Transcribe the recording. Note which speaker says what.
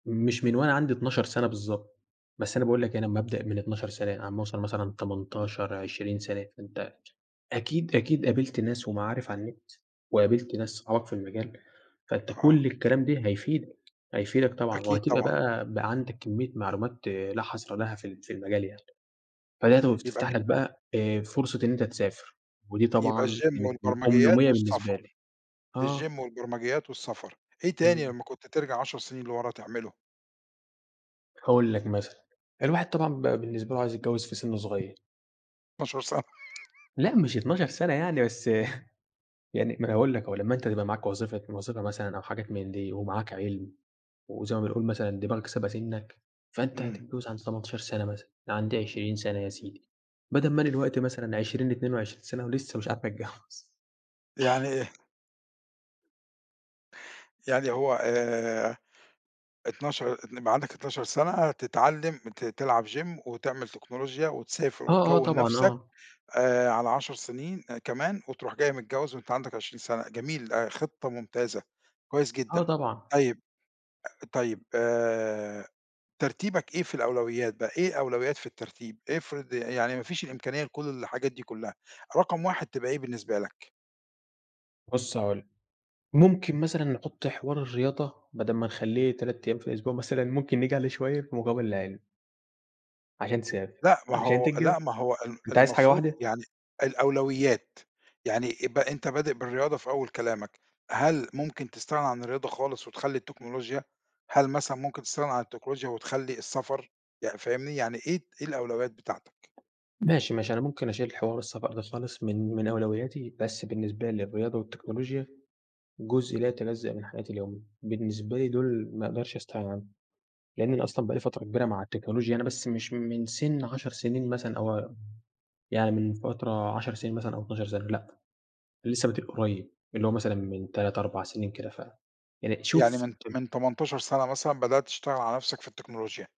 Speaker 1: مش من وأنا عندي 12 سَنة بالضبط، بس أنا باقول لك يعني أمّا ابدأ من 12 سَنة علي ما أوصل مثلًا 18، 20 سَنة، فأنت أكيد، أكيد قابلت ناس ومعارف على النت، وقابلت ناس صحابك في المجال، فأنت
Speaker 2: آه.
Speaker 1: كُلّ الكلام ده هيفيدك، هيفيدك طبعًا،
Speaker 2: أكيد
Speaker 1: وهتبقى
Speaker 2: طبعًا.
Speaker 1: بقى، بقى عندك كميّة معلومات لا حَصر لها في ال في المجال يعني، فلقيتها
Speaker 2: يبقى
Speaker 1: وبتفتح لك
Speaker 2: كده
Speaker 1: بقى آآ، فرصة إن أنت تسافر ودي
Speaker 2: يبقى
Speaker 1: طبعًا
Speaker 2: الgym
Speaker 1: كانت م
Speaker 2: والبرمجيات
Speaker 1: أمنية بالنسبة لي،
Speaker 2: والسفر،
Speaker 1: آه.
Speaker 2: الgym والبرمجيات والسفر، إيه تاني
Speaker 1: إمم.
Speaker 2: لمّا كنت ترجع 10 سنين لورا تعمله؟
Speaker 1: هاقول لك مثلًا، الواحد طبعًا بقى بالنسبة له عايز يتجوّز في سِن صغيّر.
Speaker 2: 12 س
Speaker 1: لأ مش 12 سَنة يعني بس يعني ما أنا هاقول لك أهو، لمّا أنت تبقى معاك وظيفة وظيفة مثلًا أو حاجات من دي ومعاك عِلم، وزي ما بنقول مثلًا دماغك سابقة سِنك، فأنت
Speaker 2: إمم.
Speaker 1: هتتجوّز عند 18 سَنة مثلًا، عند 20 سَنة يا سيدي، بدل ما أنا الوقتي مثلًا 20 22 سَنة ولسه مش عارف اتجوّز.
Speaker 2: يعني آآ ه يعني هو 12 إن يبقى عندك 12 سَنة تتعلم ت تلعب gym وتعمل تكنولوجيا وتسافر
Speaker 1: آه، آه
Speaker 2: وتكوّن
Speaker 1: طبعًا،
Speaker 2: نَفسك
Speaker 1: آه.
Speaker 2: آآ، على 10 سنين آآ كمان وتروح جاي متجوّز وأنت عندك 20 سَنة، جميل آآ، خطة ممتازة، كويس
Speaker 1: آه
Speaker 2: جدًا،
Speaker 1: طبعًا.
Speaker 2: طيب أ طيب آآ، ترتيبك إيه في الأولويات بقى؟ إيه أولويات في الترتيب؟ افرض ي يعني ما فيش الإمكانية لكُلّ الحاجات دي كلّها، رقم 1 تبقى إيه بالنسبة لك؟
Speaker 1: بُصّ هاقول لك، ممكن مثلًا نحط حوار الرياضة بدل ما نخلّيه 3 أيام في الأسبوع مثلًا، ممكن نيجي عليه شوية في مقابل العِلم. عشان تسافر،
Speaker 2: لأ، ما
Speaker 1: عشان
Speaker 2: هو
Speaker 1: تتجوّز،
Speaker 2: لأ ما هو ال
Speaker 1: أنت عايز حاجة
Speaker 2: المفروض
Speaker 1: واحدة؟
Speaker 2: يعني الأولويات، يعني يبقى أنت بادئ بالرياضة في أول كلامك، هل ممكن تستغنى عن الرياضة خالص وتخلّي التكنولوجيا؟ هل مثلًا ممكن تستغنى عن التكنولوجيا وتخلّي السفر؟ يعني فاهمني؟ يعني إيه ت إيه الأولويات بتاعتك؟
Speaker 1: ماشي، ماشي، أنا ممكن اشيل حوار السفر ده خالص من من أولوياتي، بس بالنسبة الرياضة والتكنولوجيا جزء لا يتجزأ من حياتي اليومية، بالنسبة لي دوُل ما اقدرش استغنى عنهم، لإن أنا أصلًا بقى لي فترة كبيرة مع التكنولوجيا أنا بس مش من سِن 10 سنين مثلًا أو ام يعني من فترة 10 سنين مثلًا أو 12 سَنة، لأ، لسه بادئ قريّب، اللي هو مثلًا من 3 4 سنين كده ف يعني
Speaker 2: يعني
Speaker 1: شوف
Speaker 2: من
Speaker 1: [unintelligible]
Speaker 2: من 18 سَنة مثلًا بدأت تشتغل على نَفسك في التكنولوجيا.